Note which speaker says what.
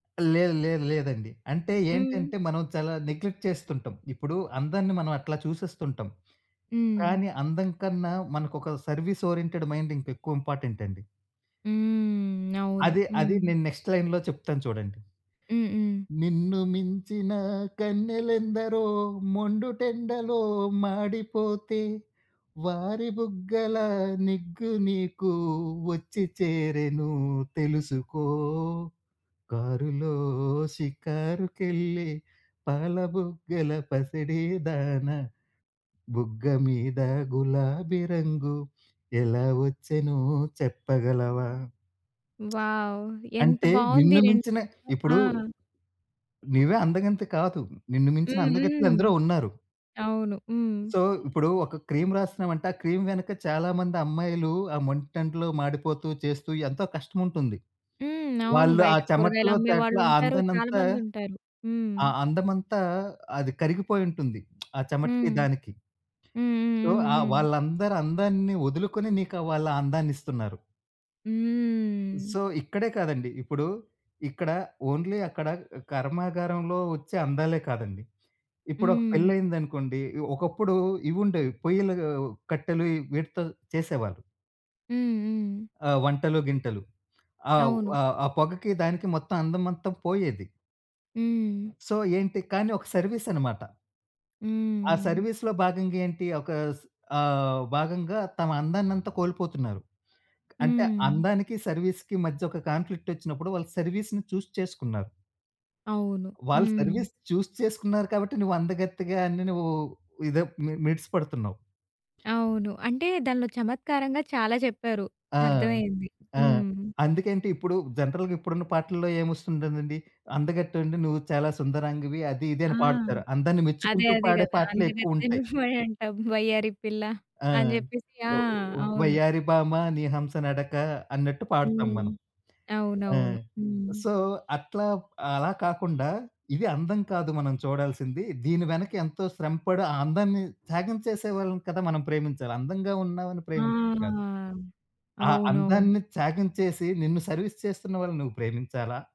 Speaker 1: లేదు, లేదు, లేదండి! అంటే
Speaker 2: హ్మ్.
Speaker 1: ఏంటంటే, మనం చాలా నెగ్లెక్ట్ చేస్తుంటాం. ఇప్పుడు అందరిని మనం అట్లా చూసేస్తుంటాం.
Speaker 2: హ్మ్.
Speaker 1: కానీ, అందం కన్నా, మనకొక సర్విస్ ఓరియెంటెడ్ మైండ్ ఇంకెక్కువ ఇంపార్టెంట్ అండి.
Speaker 2: హ్మ్. అవును.
Speaker 1: అదే అది
Speaker 2: హ్మ్.
Speaker 1: నేను నెక్స్ట్ లైన్‌లో చెప్తాను చూడండి.
Speaker 2: హ్మ్. హ్మ్.
Speaker 1: నిన్ను మించిన కన్నెలెందరో మొండుటెండలో మాడిపోతే, వారి బుగ్గల నిగ్గు నీకు వచ్చి చేరెను తెలుసుకో, కారులో షికారుకెళ్ళె పాలబుగ్గల పసిడి దానా, బుగ్గ మీద గులాబీ రంగు ఎలా వచ్చెనో చెప్పగలవా.
Speaker 2: వావ్! ఎంత
Speaker 1: అంటే,
Speaker 2: బావుంది!
Speaker 1: నిన్ను
Speaker 2: రెన్
Speaker 1: మించిన
Speaker 2: ఆ!
Speaker 1: ఇప్పుడు నీవే అందగంతి కాదు, నిన్ను మించిన
Speaker 2: హ్మ్. హ్మ్.
Speaker 1: అందగత్తెలెందరో ఉన్నారు!
Speaker 2: అవును. హ్మ్.
Speaker 1: సో, ఇప్పుడు ఒక క్రీమ్ రాస్తున్నామంటే, ఆ క్రీమ్ వెనక చాలా మంది అమ్మాయిలు, ఆ మండుటెండలో మాడిపోతూ, చేస్తూ ఎంతో కష్టముంటుంది.
Speaker 2: హ్మ్. అవును
Speaker 1: వాళ్ళు ఆ
Speaker 2: బయట
Speaker 1: చెమటలో, తేటలో
Speaker 2: కూరగాయలమ్మేవాళ్ళుంటారు. చాలా
Speaker 1: అందాన్నంతా
Speaker 2: మందుంటారు. హ్మ్.
Speaker 1: ఆ అందం అంతా అది కరిగిపోయుంటుంది. ఆ చెమటకి
Speaker 2: హ్మ్.
Speaker 1: దానికి.
Speaker 2: హ్మ్. హ్మ్.
Speaker 1: సో,
Speaker 2: హ్మ్.
Speaker 1: ఆ
Speaker 2: హ్మ్.
Speaker 1: వాళ్ళందరి అందాన్ని వదులుకొని, నీకా వాళ్ళు ఆ అందాన్నిస్తున్నారు.
Speaker 2: హ్మ్.
Speaker 1: సో, ఇక్కడే కాదండి. ఇప్పుడు ఇక్కడ ఓన్లీ అక్కడ కర్మాగారంలో ఒచ్చే అందాలే కాదండి. ఇప్పుడు ఒక
Speaker 2: హ్మ్.
Speaker 1: పెళ్లయిందనుకోండి. ఒకప్పుడు ఇవి ఉండేవి. పొయ్యిల కట్టెలు, ఈ వీటితో చేసేవాళ్ళు.
Speaker 2: హ్మ్. హ్మ్.
Speaker 1: ఆ! వంటలు, గింటలు ఆహ్,
Speaker 2: అవును.
Speaker 1: ఆహ్, ఆ పొగకి దానికి మొత్తం అందమంతా పోయేది.
Speaker 2: హ్మ్.
Speaker 1: సో ఏంటి కానీ, ఒక సర్విస్ అన్నమాట. ఆ
Speaker 2: హ్మ్.
Speaker 1: సర్విస్‌లో భాగంగా ఏంటి? ఒక స్ ఆహ్, భాగంగా తమ అందాన్నంతా కోల్పోతున్నారు. అంటే,
Speaker 2: హ్మ్.
Speaker 1: అందానికి సర్విస్‌కి మధ్య ఒక కాన్‌ఫ్లిక్ట్ వచ్చినప్పుడు, వాళ్ళు సర్విస్‌ని చూస్ చేసుకున్నారు.
Speaker 2: అవును.
Speaker 1: వాళ్ళు
Speaker 2: హ్మ్.
Speaker 1: సర్విస్ చూస్ చేసుకున్నారు కాబట్టి, నువ్వు అందగత్తెగా అని నువ్వు ఇదే మి మిడిసి పడుతున్నావు.
Speaker 2: అవును. అంటే దానిలో చమత్కారంగా చాలా చెప్పారు.
Speaker 1: ఆ!
Speaker 2: అర్థమైంది.
Speaker 1: ఆ!
Speaker 2: హ్మ్.
Speaker 1: అందుకంటే ఇప్పుడు జనరల్‌గా ఇప్పుడున్న పాటల్లో ఏమొస్తుంటుందండి? అందకట్టండి నువ్వు, చాలా సుందరాంగివి, అది, ఇది
Speaker 2: ఆ!
Speaker 1: అని పాడుతారు. అందాన్ని
Speaker 2: అదే.
Speaker 1: మెచ్చుకుంటూ
Speaker 2: అదే
Speaker 1: పాడే
Speaker 2: గదా!
Speaker 1: పాటలే
Speaker 2: అందే గత్తె
Speaker 1: ఎక్కువుంటాయి.
Speaker 2: నువ్వే అంటావు వయ్యారి పిల్ల
Speaker 1: ఆ!
Speaker 2: అని జెప్పేసి. ఆ!
Speaker 1: ఒ ఒ
Speaker 2: అవును.
Speaker 1: వయ్యారి భామ నీ హంస నడక అన్నట్టు పాడతాం
Speaker 2: హ్మ్.
Speaker 1: మనం. ఆ!
Speaker 2: అవునవును. హ్మ్.
Speaker 1: సో, అట్లా అలా కాకుండా ఇది అందం కాదు మనం చూడాల్సింది. దీని వెనక ఎంతో శ్రమపడి ఆ అందాన్ని త్యాగం చేసే వాళ్ళని కదా! మనం ప్రేమించాలి. అందంగా ఉన్నామని ప్రేమించడం కాదు.
Speaker 2: ఆహా!
Speaker 1: ఆ
Speaker 2: అవునవును.
Speaker 1: అందాన్ని త్యాగం చేసి నిన్ను సర్విస్ చేస్తున్న వాళ్ళని నువ్వు ప్రేమించాలా?